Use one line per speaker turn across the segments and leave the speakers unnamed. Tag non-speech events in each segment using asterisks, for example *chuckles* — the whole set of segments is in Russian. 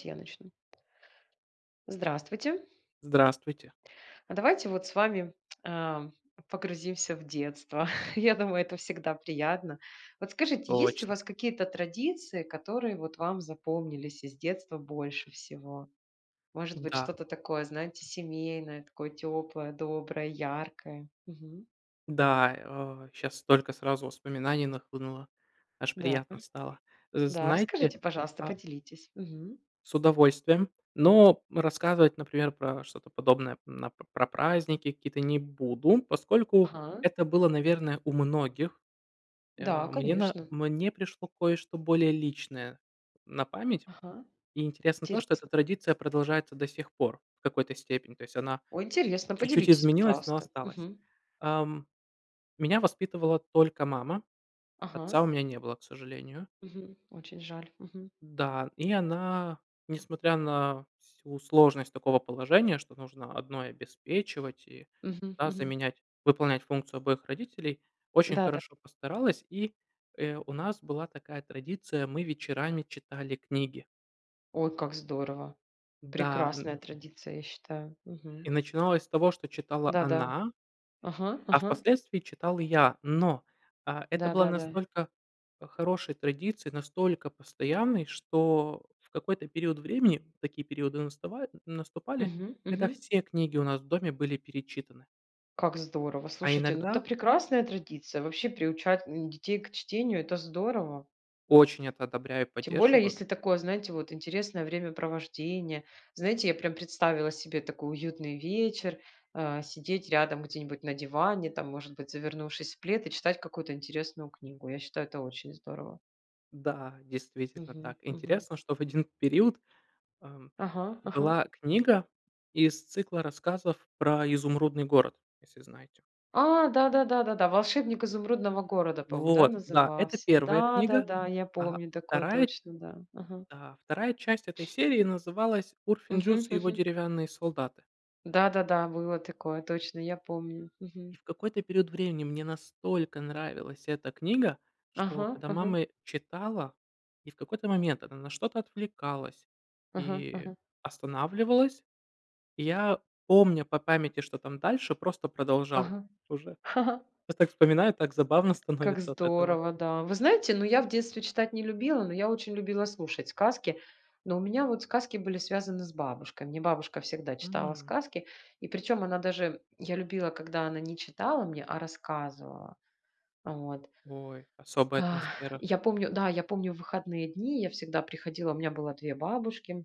Те я начну. Здравствуйте.
Здравствуйте.
А, давайте вот с вами, ам, а, погрузимся в детство. *chuckles* Я думаю, это всегда приятно. Вот скажите, есть у
Точно.
вас какие-то традиции, которые вот вам запомнились из детства больше всего? Может быть,
Да.
что-то такое, знаете, семейное, такое тёплое, доброе, яркое? Мгм.
Да, э, щас столько сразу воспоминаний нахлынуло. Аж
Да,
приятно стало. З
да,
знаете,
расскажите, пожалуйста,
а
поделитесь. Мгм.
С удовольствием, но, м, рассказывать, например, про что-то подобное, м, а, по про праздники какие-то не буду, поскольку
Ага.
это было, наверное, у многих.
Да,
Э, мне на
конечно.
мне пришло кое-что более личное на память.
Ага,
И интересно то, что эта
интересно.
традиция продолжается до сих пор, в какой-то степени. То есть она
Ой, интересно,
чуть-чуть
поделитесь,
изменилась, но
пожалуйста.
осталась.
Мгм.
Ам, меня воспитывала только мама.
Ага.
Отца у меня не было, к сожалению.
Мгм. Очень жаль. Мгм.
Да, и она, несмотря на всю сложность такого положения, что нужно одной обеспечивать, и,
Мгм
да,
мгм.
заменять выполнять функцию обоих родителей, очень
Да-да.
хорошо постаралась и, э, у нас была такая традиция: мы вечерами читали книги.
Ой, как здорово.
Да, м.
Прекрасная традиция, я считаю. Мгм.
И начиналось с того, что читала
Да-да.
она,
Ага
а
ага.
впоследствии читал и я. Но, а, это было
Да-да-да.
настолько, э, хорошей традицией, настолько постоянной, что, в какой-то период времени такие периоды настава наступали,
Мгм
когда
мгм.
все книги у нас в доме были перечитаны.
Как здорово.
А
Слушайте, ну это
иногда
прекрасная традиция. Вообще приучать, м, детей к чтению это здорово.
Очень это одобряю, и
Тем более,
поддерживаю.
если такое, знаете, вот интересное времяпровождение. Знаете, я прям представила себе такой уютный вечер, а, сидеть рядом где-нибудь на диване, там может быть, завернувшись в плед и читать какую-то интересную книгу. Я считаю, это очень здорово.
Да, действительно
Мгм
так
мгм.
интересно, что в один период, ам,
Ага ага.
была книга из цикла рассказов про Изумрудный город, если знаете.
А да да да да да, "Волшебник изумрудного города", по-моему, да,
Вот, да, это
назывался.
1 книга,
Да-да-да, я
а
помню такое
2,
точно, да, ага.
а 2 часть этой серии называлась "Урфин
Мгм
Джюс и его
мгм.
деревянные солдаты".
Да-да-да, было такое, точно, я помню. Мгм.
И, в какой-то период времени мне настолько нравилась эта книга, что
Ага
когда
ага.
мамы читала и в какой-то момент она на что-то отвлекалась
Ага
и
ага.
останавливалась, я, помня по памяти, что там дальше, просто продолжал
Ага.
уже.
*laughs*
Я так вспоминаю, так забавно
Как
становится от этого.
здорово, да. Вы знаете, ну я в детстве читать не любила, но я очень любила слушать сказки, но у меня вот сказки были связаны с бабушкой. Мне бабушка всегда читала
М.
сказки, и причем она даже я любила, когда она не читала мне, а рассказывала а вот.
Ой, особая атмосфера.
Я помню, да, я помню выходные дни, я всегда приходила, у меня было 2 бабушки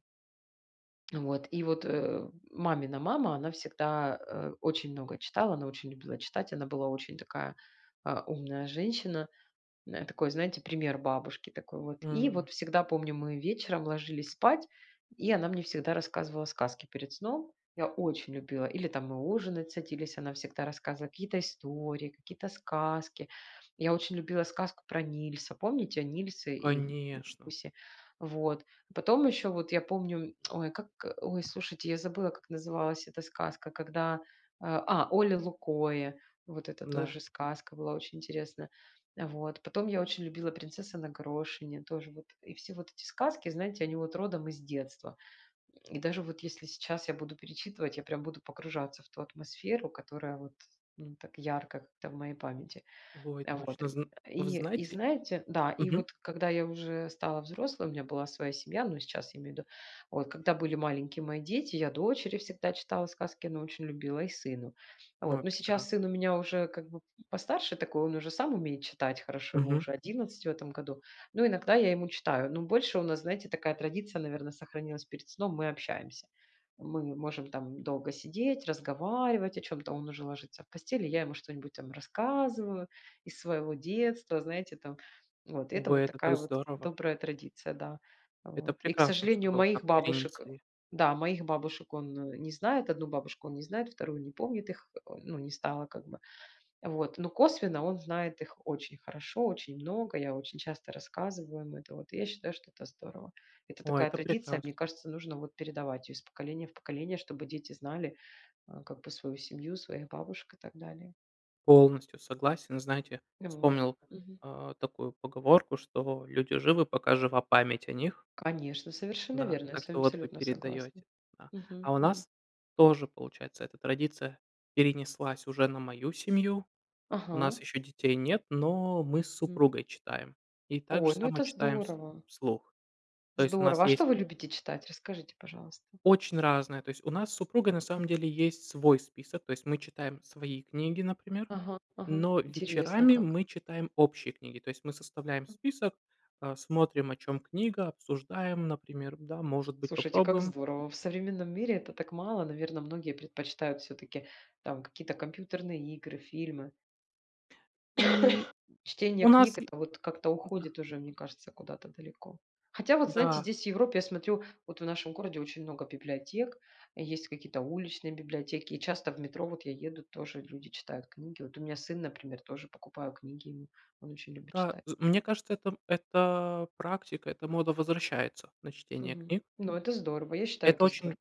а, вот и вот, э, мамина мама, она всегда, э, очень много читала, она очень любила читать, она была очень такая, а, умная женщина. Э, такой, знаете, пример бабушки такой вот. И
М.
вот всегда помню, мы вечером ложились спать, и она мне всегда рассказывала сказки перед сном. Я очень любила или там мы ужинать садились, она всегда рассказывала какие-то истории, какие-то сказки. Я очень любила сказку про Нильса. Помните о Нильсе и, м, м,
Конечно.
гусе? Вот, потом ещё вот я помню, *smacks lips* ой, как ой слушайте, я забыла, как называлась эта сказка когда, э, а, "Оле Лукойе". Вот это
Н-да.
тоже сказка была очень интересная. А вот потом я очень любила "Принцесса на горошине" тоже вот. И все вот эти сказки, знаете, они вот родом из детства. И даже вот если сейчас я буду перечитывать, я прям буду погружаться в ту атмосферу, которая вот ну так ярко как-то в моей памяти.
Ой,
А вот,
точно
э,
зн вы
и и
знаете?
знаете, да и
Мгм.
вот когда я уже стала взрослой, у меня была своя семья, но сейчас я имею в виду, вот когда были маленькие мои дети, я дочери всегда читала сказки, она очень любила и сыну. А
Но и
вот, но сейчас
прекрасно.
сын у меня уже как бы, м, постарше такой, он уже сам умеет читать хорошо, ему
Мгм.
уже 11 в этом году. Но иногда я ему читаю, но больше у нас, знаете, такая традиция, наверно, сохранилась перед сном мы общаемся. Мы можем там долго сидеть, разговаривать о чем-то, он уже ложится в постель и, я ему что-нибудь там рассказываю из своего детства знаете там. Вот и это вот
Ой, это так
такая вот
здорово.
добрая традиция, да, а,
Это
вот. И к
прекрасно, что
сожалению,
вы, вот, как
моих бабушек, э,
перенесли.
да моих бабушек он, э, не знает, одну бабушку он не знает, 2 он не помнит их, э, ну не стало как бы. А вот но косвенно, он знает их очень хорошо, очень много. Я очень часто рассказываю им это. Вот я считаю, что это здорово. Это
О,
такая
это
традиция,
прекрасно.
мне кажется, нужно вот передавать ее из поколения в поколение, чтобы дети знали, а, как бы свою семью, своих бабушек и так далее.
Полностью согласен. Знаете,
Э, вот.
вспомнил,
Мгм.
а, такую поговорку, что люди живы, пока жива память о них.
Конечно, совершенно
Да,
верно, я
так
с вами
что вот вы
абсолютно согласна.
передаёте, да.
Мгм
А у
мгм.
нас тоже получается эта традиция перенеслась уже на мою семью. У
Ага.
нас еще детей нет, но мы с
Мгм.
супругой читаем и также
Ой, ну,
само
это
читаем вс
здорово.
вслух. То есть у нас
Здорово, а
есть
что вы любите читать? Расскажите, пожалуйста.
Очень разные, то есть у нас с супругой на самом деле есть свой список, то есть мы читаем свои книги, например,
Ага ага,
но
интересно
вечерами
как.
мы читаем общие книги, то есть мы составляем список, а, смотрим, о чём книга, обсуждаем, например, да может быть
Слушайте, как
попробуем.
здорово. В современном мире это так мало. Наверно, многие предпочитают всё-таки там какие-то компьютерные игры, фильмы.
М,
*coughs* Чтение
у нас,
книг- это вот как-то
да.
уходит уже, мне кажется, куда-то далеко. Хотя, вот знаете,
Да.
здесь, в Европе, я смотрю, вот в нашем городе, очень много библиотек, и есть какие-то уличные библиотеки. И часто в метро, вот я еду, тоже люди читают книги. Вот у меня сын, например, тоже покупаю книги ему. Он очень любит
Да,
чита
з мне кажется, это это практика, эта мода возвращается на чтение
Мгм,
книг.
ну, это здорово, я считаю,
Это
это
очень
здор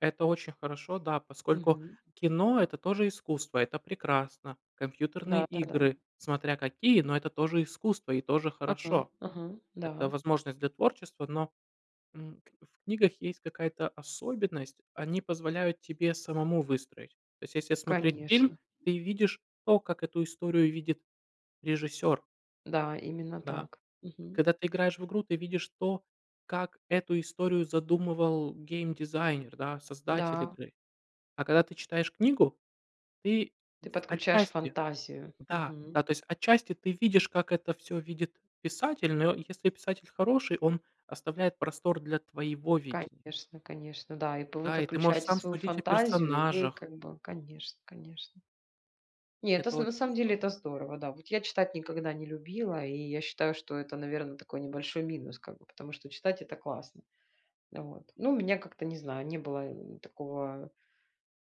это очень хорошо, да, поскольку
Мгм.
кино- это тоже искусство, это прекрасно. Компьютерные
Да, да, да.
игры- смотря какие, но это тоже искусство и тоже
Ага,
хорошо.
ага,
Это
да.
возможность для творчества, но, м, как бы, в книгах есть какая-то особенность: они позволяют тебе самому выстроить. То есть, если смотреть фильм,
Конечно.
ты видишь то, как эту историю видит режиссёр.
Да, именно
Да,
так. Мгм.
когда ты играешь в игру, видишь то, как эту историю задумывал геймдизайнер, да, создатель
Да.
игры, а когда ты читаешь книгу, ты,
Ты
в
подключаешь
отчасти
фантазию.
да,
Мгм.
да, то есть отчасти, ты видишь, как это всё видит писатель, но, если писатель хороший, он оставляет простор для твоего видения.
Конечно, конечно да. И пы вы
Да, и ты можешь
подключаете
сам
свою
судить о
фантазию, и вы
персонажах.
как бы конечно, конечно. Не эт
Это
с на
очень
самом деле
здорово.
это здорово, да. Вот я читать никогда не любила, и я считаю, что это, наверно, такой небольшой минус, как бы потому что читать это классно. Вот. Ну у меня как-то, не знаю, не было н такого,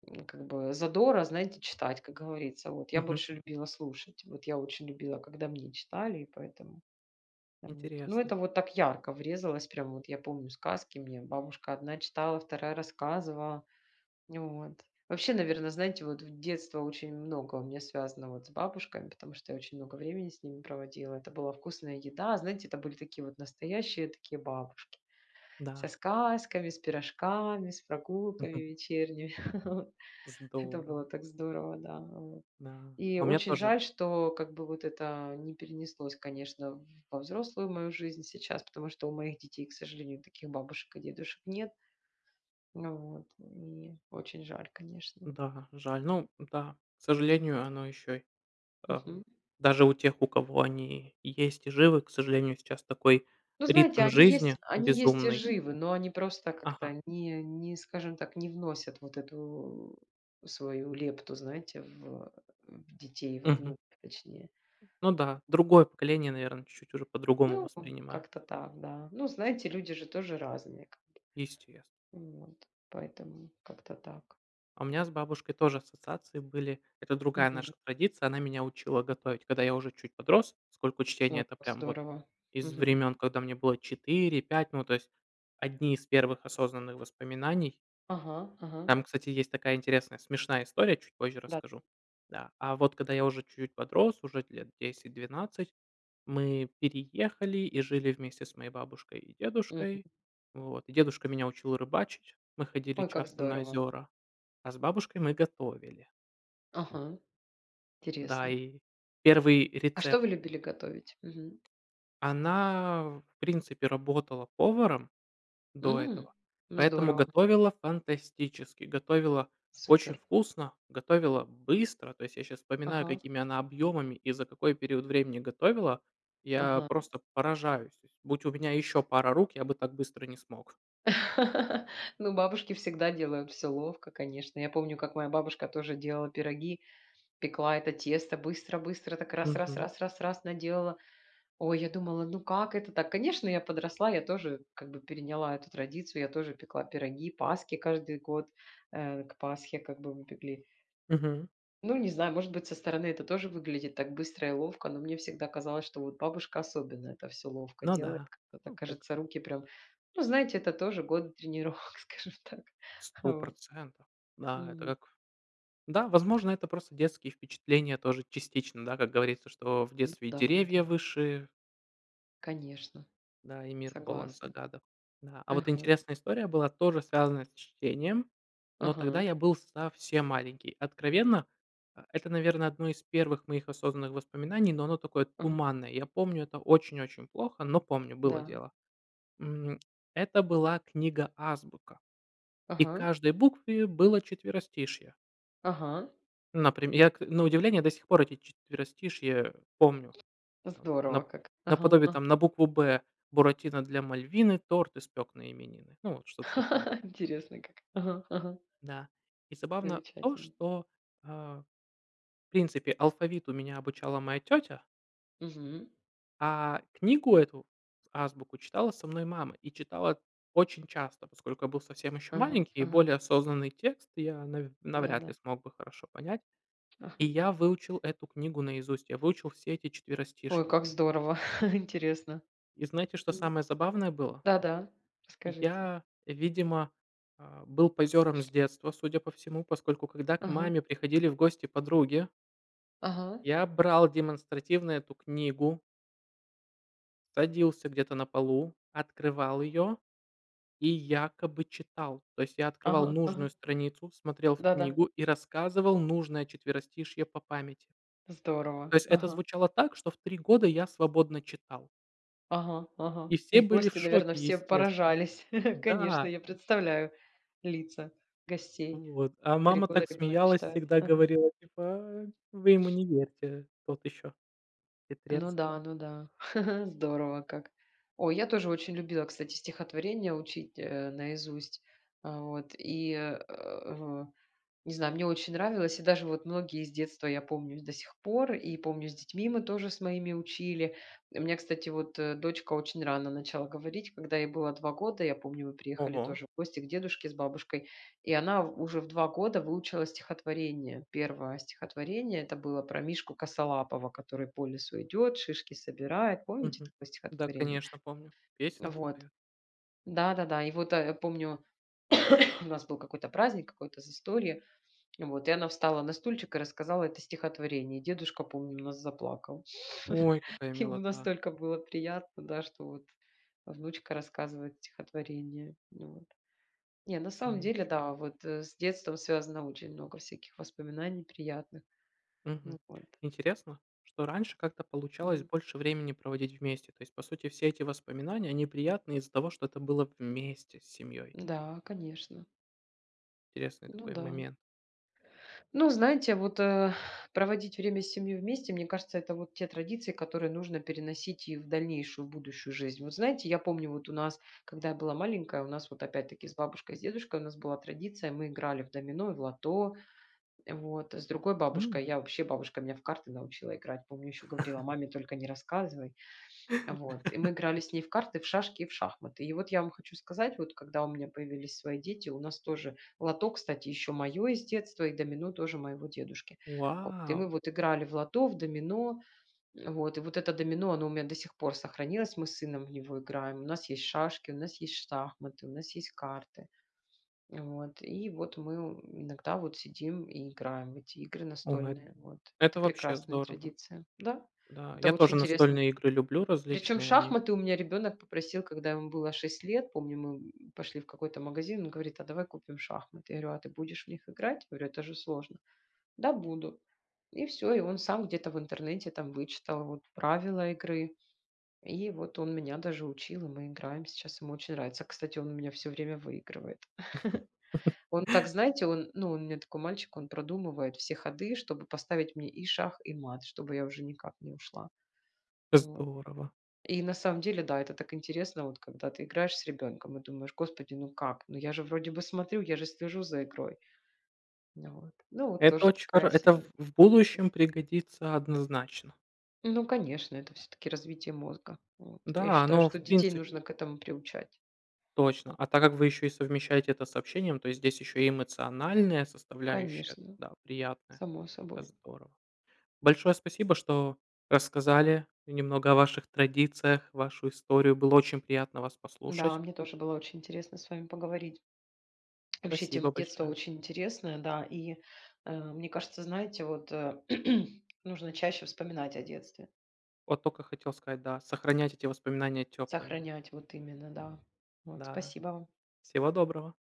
ну, как бы задора, знаете, читать, как говорится. Вот. Я
Мгм.
больше любила слушать, вот, я очень любила, когда мне читали и поэтому. Вот, ну
Интересно.
это так ярко врезалось, прям вот. Я помню сказки, мне бабушка одна читала, вторая рассказывала. Нь вот. Вообще, наверно, знаете вот, в детство очень много у меня, вот, связано с бабушками, потому что я очень много времени с ними проводила. Это была вкусная еда. Знаете, это были такие вот настоящие, такие, бабушки со
Да.
сказками, с пирожками, с прогулками
Мгм.
вечерними, *chuckles* вот. Это было
Здорово.
так здорово, да, вот.
Да.
И
А у меня
очень
тоже.
жаль, что, как бы, вот, это не перенеслось, конечно, во взрослую мою жизнь, сейчас потому что у моих детей, к сожалению, таких бабушек и дедушек нет. Вот. И очень жаль, конечно.
Да, жаль. Ну да, к сожалению, оно ещё, и ага,
Мгм.
даже у тех, у кого они есть и живы, к сожалению, сейчас такой
Ну знаете,
ритм
они
жизни
есть, они есть и
безумный.
живы, но они просто,
Ага.
как-то, ни а, не скажем так, не вносят вот эту свою лепту, знаете, в, э, в детей, во
Мгм.
внуков, точнее.
Ну да, другое поколение, наверное, чуть-чуть уже по-другому
Ну, э,
воспринимает.
как-то так, да. Ну, знаете, люди же тоже разные.
Естест
Вот. Поэтому как-то так.
А у меня с бабушкой тоже ассоциации были. Это другая
Мгм.
наша традиция: она меня учила готовить, когда я уже чуть подрос. Поскольку чтения-
Вот
это
по
прям вот
здорово.
из
Мгм.
времен, когда мне было 4-5. Ну, то есть одни из первых осознанных воспоминаний.
Ага, ага.
Там, кстати, есть такая интересная смешная история, чуть позже
Да.
расскажу, да. А вот когда я уже чуть-чуть подрос, уже лет 10-12, мы переехали и жили вместе с моей бабушкой и
Мгм.
дедушкой. Вот, и дедушка меня учил рыбачить, мы ходили
Ой, как
часто на
здорово.
озера, а с бабушкой мы готовили.
Ага,
Да,
интересно.
и 1
А что
рецепт.
вы любили готовить? Мгм.
Она, в принципе, работала поваром до
М,
этого,
ну
поэтому
здорово.
готовила- фантастически! Готовила очень
Супер.
вкусно, готовила быстро. То есть я сейчас вспоминаю,
Ага.
какими она объёмами и за какой период времени готовила. Я
Ага.
просто поражаюсь. То есть будь у меня ещё пара рук, я бы так быстро не смог.
*laughs* Ну, бабушки всегда делают всё ловко, конечно. Я помню, как моя бабушка тоже делала пироги, пекла это тесто, быстро-быстро, так, раз раз
Мгм.
раз раз раз наделала. Ой, я думала, ну как это так? Конечно, я подросла, я тоже, как бы, переняла эту традицию, я тоже пекла пироги, паски каждый год. Э, к Пасхе, как бы, мы пекли.
Мгм.
Ну, не знаю, может быть, со стороны это тоже выглядит так быстро и ловко, но мне всегда казалось, что вот бабушка, особенно, это всё ловко
Ну
делает.
да,
Как бы
ну, как
кажется, руки прям Ну, знаете, это тоже годы тренировок, скажем так.
сто
Вот.
процентов. Да, это
Мгм.
как да, возможно, это просто детские впечатления, тоже, частично. Да, как говорится, что в
Ну
детстве и
да, ну
деревья
да.
выше.
Конечно.
Да, и мир полон
Согласна.
загадок, да. А вот
Мгм.
интересная история была тоже связанная с чтением, но тогда
Ага.
я был совсем маленький. Откровенно, э, это, наверно, одно из первых моих осознанных воспоминаний, но оно такое
Ага.
туманное. Я помню это очень-очень плохо, но помню было
Да.
дело. Мгм. Это была книга "Азбука", и к
Ага.
каждой букве было четверостишье.
Ага.
Наприм я к на удивление, до сих пор эти четверостишье помню. Там нап
Здорово как. Ага.
наподобие,
А.
там, на букву "Б": Буратино для Мальвины торт испек на именины. Ну вот что-то такое.
*laughs* Интересный как. Ага, ага.
Да. И забавно то,
Замечательно.
что, э, в принципе, алфавиту меня обучала моя тетя
Мгм.
а книгу эту с "Азбуку", читала со мной мама и читала очень часто, поскольку я был совсем еще
Ага,
маленький и
ага.
более осознанный текст я навь
Да,
навряд
да.
ли смог бы хорошо понять. И
Ага.
я выучил эту книгу наизусть, я выучил все эти
Ой,
четверостишья.
как здорово, *laughs* интересно.
И знаете, что
Ну.
самое забавное было?
Да-да,
И
расскажите.
я, видимо, э, был позером с
*sniffs*
детства, судя по всему, поскольку, когда к
Ага.
маме приходили в гости подруги
Ага.
я брал демонстративно эту книгу садился где-то на полу, открывал ее и якобы читал. То есть, я открывал
Ага. Ага.
нужную страницу, смотрел в
Да-да.
книгу и рассказывал нужное четверостишье по памяти.
Здорово.
То есть это
Ага.
звучало так, что в 3 года я свободно читал.
Ага, ага.
И все
И
были в
гости, наверное,
шоке
все
естественно.
поражались. *laughs* Конечно,
Да.
я представляю лица гостей.
Вот, а
3
мама
года
так
ребёнок
смеялась,
читает?!
всегда
Ага.
говорила, типа: "А, вы ему
*sniffs*
не верьте. Тот ещё.
Ну
Хитрец".
да, ну да. *laughs* Здорово как! Ой, я тоже очень любила, кстати, стихотворения учить, э, наизусть. Э, вот и, э, *grunts* в не знаю. Мне очень нравилось, и даже вот многие из детства я помню и с до сих пор, и помню с детьми мы тоже с моими учили. У меня, кстати, вот, э, дочка очень рано начала говорить, когда ей было 2 года, я помню мы приехали
Ого!
тоже в гости к дедушке с бабушкой, и она в уже в 2 года выучила стихотворение. 1 стихотворение- это было про мишку косолапого, который по лесу идет, шишки собирает. Помните
Мгм.
такое
Да,
стихотворение?
конечно, помню. Песенки
Вот.
поют.
Да-да-да. И вот, э, помню, *coughs* у нас был какой-то праздник какое-то застолье, *sniffs* и вот и она встала на стульчик и рассказала это стихотворение. И дедушка, помню, у нас заплакал. *sniffs*
Ой,
*laughs*
какая
Ему
милота!
настолько было приятно, да, что вот внучка рассказывает стихотворение. Вот. Не, на
Ну
самом деле,
ещё бы!
да, вот, э, с детством связано очень много всяких воспоминаний приятных.
Мгм.
Ну вот.
Интересно, что раньше как-то получалось
Мгм.
больше времени проводить вместе, то есть, по сути, все эти воспоминания, они приятные из-за того, что это было вместе с семьёй.
Н-да, конечно.
Интересный
Ну
такой
да.
момент.
Ну, знаете, вот, э, *exhales* проводить время с семьей вместе, мне кажется, это вот те традиции, которые нужно переносить и в дальнейшую, будущую жизнь. Вот знаете, я помню, вот у нас, когда я была маленькая, у нас вот, опять-таки, с бабушкой и с дедушкой у нас была традиция: мы играли в домино, и в лото. Э, вот. С другой
М!
бабушкой я вообще, бабушка меня в карты научила играть. Помню, ещё говорила:
*laughs*
"Маме только не рассказывай". *sniffs* Вот. И мы
*laughs*
играли с ней в карты, в шашки и в шахматы. И вот я вам хочу сказать, вот когда у меня появились свои дети, у нас тоже лото, кстати, ещё моё из детства и домино тоже моего дедушки. Вот. И
Вау!
мы вот играли в лото, в домино. Вот. И вот это домино, оно у меня до сих пор сохранилось, мы с сыном в него играем. У нас есть шашки, у нас есть шахматы, у нас есть карты. *sniffs* Э, вот. И вот мы *grunts* иногда вот сидим и играем в эти игры
Ой! Эт
настольные. Вот. Это
это вообще
прекрасная
здорово.
традиция. Да,
Да.
это
Я
очень
тоже
интересно.
настольные игры люблю,
Причем
различные они.
шахматы у меня ребенок попросил, когда ему было 6 лет, помню, мы *grunts* пошли в какой-то магазин, он говорит: "А давай купим шахматы". Я говорю: "А ты будешь в них играть?" Я говорю: "Это же сложно". "Да, буду". И всё, и он сам где-то в интернете там вычитал вот правила игры. *sniffs* И вот он меня даже учил, и мы играем сейчас. Ему очень нравится. Кстати, он у меня всё время выигрывает. *laughs*
*laughs*
Он так, знаете, он, ну, он у меня такой мальчик, он продумывает все ходы, чтобы поставить мне и шах, и мат, чтобы я уже никак не ушла. Вот.
Здорово!
И на самом деле, да, это так интересно, вот когда ты играешь с ребенком и думаешь: Господи, ну как? Ну я же вроде бы смотрю, я же слежу за игрой. Н э, вот. Ну вот
Это
тоже
оч хоро
такая
это в
себе
в будущем пригодится однозначно.
Ну конечно, это всё-таки развитие мозга. Вот. Я
Да,
считаю,
оно в
что детей
принципе
нужно к этому приучать.
Точно,
М.
а так как вы ещё и совмещаете это с общением, то здесь ещё и эмоциональная составляющая,
Конечно,
да, приятная.
само
Это
собой.
здорово. Большое спасибо, что рассказали немного о ваших традициях, вашу историю. Было очень приятно вас
Да,
послушать.
мне тоже было очень интересно с вами поговорить. *swallows* Вообще, тема
Спасибо
детства
большое.
очень интересная, да, и, э, мне кажется, знаете, вот, э, *clears throat* нужно чаще вспоминать о детстве.
От тока хотел сказать, да, сохранять эти воспоминания тёплыми.
Сохранять, вот именно, да. Вот.
Да.
Спасибо вам.
Всего доброго!